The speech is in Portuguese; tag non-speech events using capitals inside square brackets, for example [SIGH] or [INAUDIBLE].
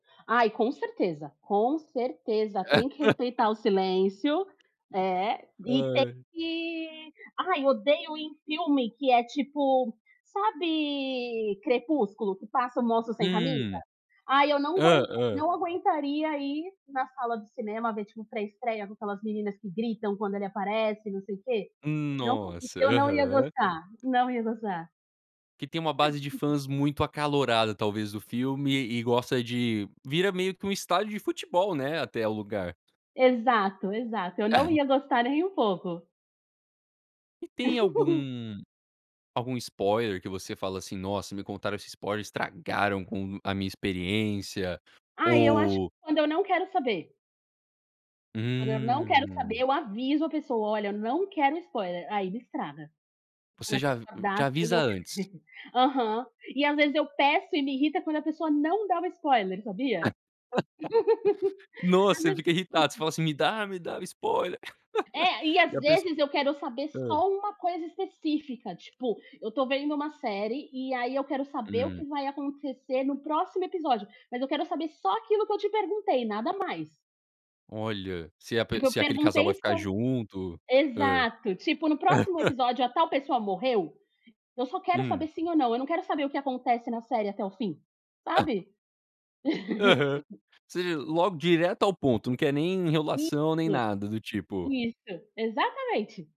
Ai, com certeza, com certeza tem que [LAUGHS] respeitar o silêncio, eh, e tem Ai. que ai, odeio em filme que é, tipo, sabe Crepúsculo? Que passa o moço sem camisa? Hum. Ai, eu não Hã, guen hã. não aguentaria ir na sala de cinema ver, tipo, pré estreia com aquelas meninas que gritam quando ele aparece e não sei o quê. Não, Nossa, eu não ia aham. gostar, não ia gostar. Que tem uma base de [LAUGHS] fãs muito acalorada talvez do filme e gosta de vira meio que um estádio de futebol, né, até o lugar. Exato, exato, eu não ia gostar nem um pouco. E tem [LAUGHS] algum, algum spoiler que você fala assim: "Nossa, me contaram esse spoiler, estragaram com a minha experiência"? Ai, eu acho Ou quando eu não quero saber. Quando eu não quero saber Hum. eu aviso a pessoa "Olha, eu não quero spoiler". Aí me estraga quando Você a já pessoa dá já sem avisa eu. antes? [UNINTELLIGIBLE] Aham. E às vezes eu peço e me irrita quando a pessoa não dá o spoiler, sabia? [LAUGHS] [LAUGHS] Ás Nossa, você fica irritado. Você ve fala assim: "Me dá, me dá o spoiler". [LAUGHS] É, E às a pesso vezes eu quero saber hã? só uma coisa específica, tipo, eu tô vendo uma série e aí eu quero saber o Hum. que vai acontecer no próximo episódio, mas eu quero saber só aquilo que eu te perguntei, nada mais. Olha, se pe Tipo, eu se aquele casal vai perguntei ficar so junto. Hã? exato. Tipo, no próximo [LAUGHS] episódio a tal pessoa morreu? Eu só quero saber Hum. sim ou não, eu não quero saber o que acontece na série até o fim, sabe? Aham. [LAUGHS] Se logo direto ao ponto, não quer nem enrolação nem Isso, nada do tipo isso exatamente.